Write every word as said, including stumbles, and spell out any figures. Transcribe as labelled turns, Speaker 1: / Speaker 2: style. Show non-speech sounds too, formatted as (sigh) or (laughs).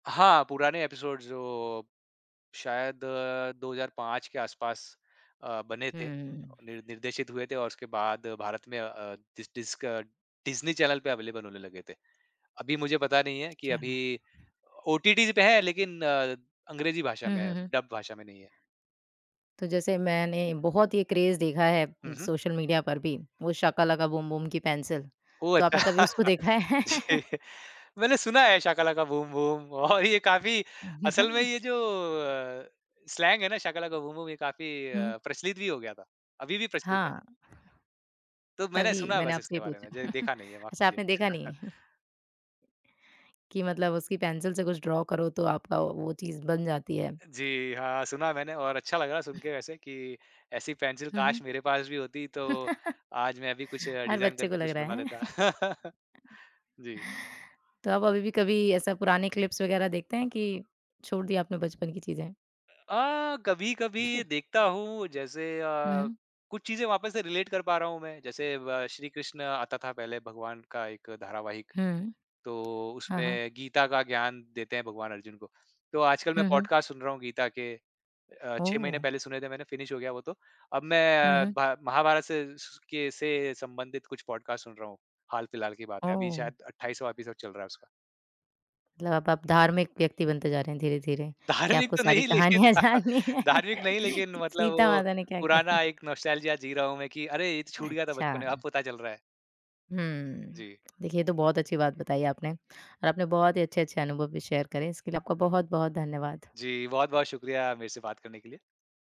Speaker 1: हाँ, पुराने एपिसोड्स, जो शायद दो हज़ार पाँच के आसपास अ, बने थे,
Speaker 2: हुँ।
Speaker 1: निर निर्देशित हुए थे और उसके बाद भारत में अ अ, डिस डिस्क डिज़्नी चैनल पे अवेलेबल होने लगे थे। अभी मुझे पता नहीं है कि
Speaker 2: चा
Speaker 1: अभी ओटीटी पे है, लेकिन अंग्रेज़ी भाषा
Speaker 2: हुँ,
Speaker 1: में
Speaker 2: हुँ,
Speaker 1: है,
Speaker 2: हुँ।
Speaker 1: डब भाषा में नहीं है।
Speaker 2: तो जैसे मैंने बहुत ये क्रेज़ देखा है
Speaker 1: हुँ,
Speaker 2: उम,
Speaker 1: हुँ।
Speaker 2: सोशल मीडिया पर भी, वो शाका लाका बूम बूम की पेंसिल।
Speaker 1: ओह!
Speaker 2: तो
Speaker 1: अच्छा।
Speaker 2: आपने कभी उसको
Speaker 1: (laughs)
Speaker 2: देखा है? (laughs)
Speaker 1: जी। मैंने सुना है, शाका लाका बूम बूम और ये काफ़ी असल में ये
Speaker 2: (chuckles)
Speaker 1: जो अ, स्लैंग है ना, शाका लाका बूम बूम, ये काफ़ी
Speaker 2: हुँ।
Speaker 1: अ, प्रचलित भी हो गया था। अभी भी प्रचलित है।
Speaker 2: हाँ।
Speaker 1: तो मैंने
Speaker 2: तभी
Speaker 1: सुना है
Speaker 2: मैंने
Speaker 1: बस
Speaker 2: आपसे ये
Speaker 1: इसके बारे
Speaker 2: पूछा।
Speaker 1: में, ज
Speaker 2: (chuckles)
Speaker 1: देखा नहीं है, माफ़
Speaker 2: अच्छा,
Speaker 1: कीजिए।
Speaker 2: आपने देखा नहीं।
Speaker 1: (chuckles)
Speaker 2: (chuckles) कि मतलब उसकी पेंसिल से कुछ ड्रॉ करो, तो आपका वो वो चीज़ बन जाती है।
Speaker 1: जी हाँ, सुना मैंने और अच्छा लगा सुनके वैसे कि ऐसी पेंसिल
Speaker 2: हुँ, हुँ।
Speaker 1: काश मेरे पास भी होती, तो आज मैं भी कुछ
Speaker 2: (laughs) हर
Speaker 1: डिज़ाइन
Speaker 2: बच्चे को
Speaker 1: करके
Speaker 2: लग
Speaker 1: कुछ
Speaker 2: रहा
Speaker 1: बना
Speaker 2: है, हैं?
Speaker 1: लेता।
Speaker 2: (chuckles)
Speaker 1: (laughs) जी।
Speaker 2: तो आप अभी भी कभी ऐसा पुराने क्लिप्स वगैरह देखते हैं कि छोड़ दी आपने बचपन की चीज़ें?
Speaker 1: अ, कभी-कभी
Speaker 2: (coughs)
Speaker 1: देखता हूँ, जैसे अ,
Speaker 2: हुँ।
Speaker 1: कुछ चीज़ें वापस से रिलेट कर पा रहा हूँ मैं। जैसे व श्री कृष्ण आता था पहले, भगवान का एक धारावाहिक।
Speaker 2: हुँ।
Speaker 1: तो
Speaker 2: हाँ, हाँ।
Speaker 1: उसमें गीता का ज्ञान देते हैं भगवान अर्जुन को। तो आजकल मैं
Speaker 2: हुँ, हुँ।
Speaker 1: पॉडकास्ट सुन रहा हूँ गीता के। अ, छह महीने
Speaker 2: ओह!
Speaker 1: पहले सुने थे मैंने, फ़िनिश हो गया वो तो। अब मैं
Speaker 2: हुँ,
Speaker 1: अ,
Speaker 2: हुँ।
Speaker 1: भ महाभारत से स के से संबंधित कुछ पॉडकास्ट सुन रहा हूँ। हाल-फ़िलहाल की बात है, अभी
Speaker 2: ओह!
Speaker 1: शायद अट्ठाईसवाँ एपिसोड चल रहा है उसका।
Speaker 2: मतलब अब आप धार्मिक व्यक्ति बनते जा रहे हैं धीरे-धीरे। क्या
Speaker 1: धार्मिक
Speaker 2: आपको
Speaker 1: तो
Speaker 2: सारी
Speaker 1: नहीं, लेकिन
Speaker 2: कहानियाँ
Speaker 1: (laughs)
Speaker 2: जाननी हैं
Speaker 1: धार्मिक नहीं,
Speaker 2: (laughs)
Speaker 1: लेकिन
Speaker 2: कि
Speaker 1: मतलब
Speaker 2: सीता
Speaker 1: वो
Speaker 2: माता ने क्या किया था?
Speaker 1: पुराना एक नॉस्टैल्जिया जी रहा हूँ मैं, कि, "अरे! ये तो छूट गया था बचपन में, अब
Speaker 2: अच्छा।
Speaker 1: पता चल रहा है।"
Speaker 2: हुँ।
Speaker 1: जी।
Speaker 2: देखिए, ये तो बहुत अच्छी बात बताई आपने और आपने बहुत ही अच्छे-अच्छे अनुभव भी शेयर करे। इसके लिए आपका बहुत-बहुत धन्यवाद।
Speaker 1: जी, बहुत-बहुत शुक्रिया मेरे से बात करने के लिए।